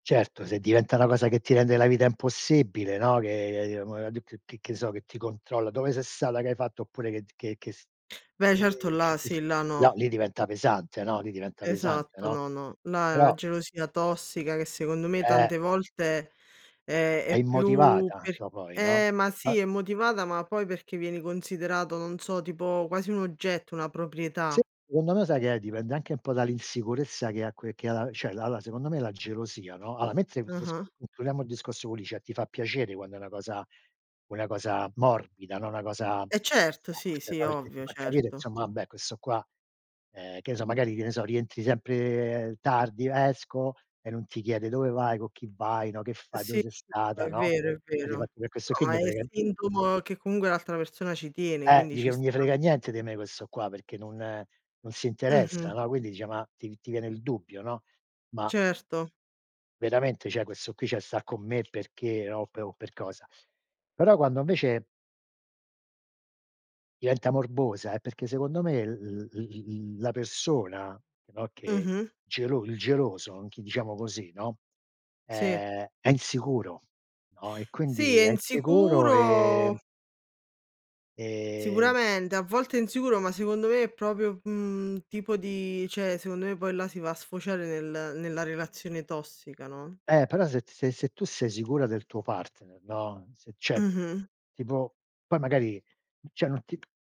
Certo, se diventa una cosa che ti rende la vita impossibile, no, che che mua di d che che so, che ti controlla: "Dove sei stata, che hai fatto?" Oppure che d che che s Beh, ehm, certo che là che s sì, là no, no. lì diventa pesante. No, lì diventa pesante, Esatto, no? no, no, là è una Però gelosia tossica che secondo me Eh. tante volte, ehm, È è più immotivata per do poi, no? eh, ma Ma sì, è motivata, ma poi perché vieni considerato, non so, tipo quasi un oggetto, una proprietà. Secondo me sai che è dipende anche un po' dall'insicurezza che ha que che ha la cioè la la secondo me la gelosia no? Allora mentre m s Ah-ah. concludiamo il discorso co Licia, ti fa piacere quando è una cosa una cosa morbida, no, una cosa Eh certo, sì, sì, perché ti ovvio, fa capire, certo. insomma, vabbè, questo qua, ehm, che ne so, magari, che ne so, rientri sempre tardi. "Esco", e non ti chiede: "Dove vai, co' cchi vai". No? "Che fai, dove Sì, sei no, stata". è No? vero, è Eh vero. difatti per questo qui No, 'n gli ma je è frega n sintomo che comunque l'altra persona ci tiene, Eh, quindi ci dice: "Nun sta. je frega niente di me questo qua perché non non si interessa". Mh-mh. No? Quindi dice ma ti ti viene il dubbio, no? "Ma Certo. veramente, cioè questo qui cioè sta con me perché, no, o per o per cosa?". Però quando invece diventa morbosa, è perché secondo me l l l l la persona, che no, che Mh-mh. gelo il geloso, anch'i diciamo così, no, Sì. è è insicuro, no? E Sì, quindi, è è insicuro e insicuro e Sicuramente, a volte è insicuro, ma secondo me è proprio mhmm, un tipo di cioè secondo me poi là si va a sfociare nel nella relazione tossica, no? Eh, però se t se se tu sei sicura del tuo partner, no, se c'è Mh-mh. tipo poi magari cioè non ti p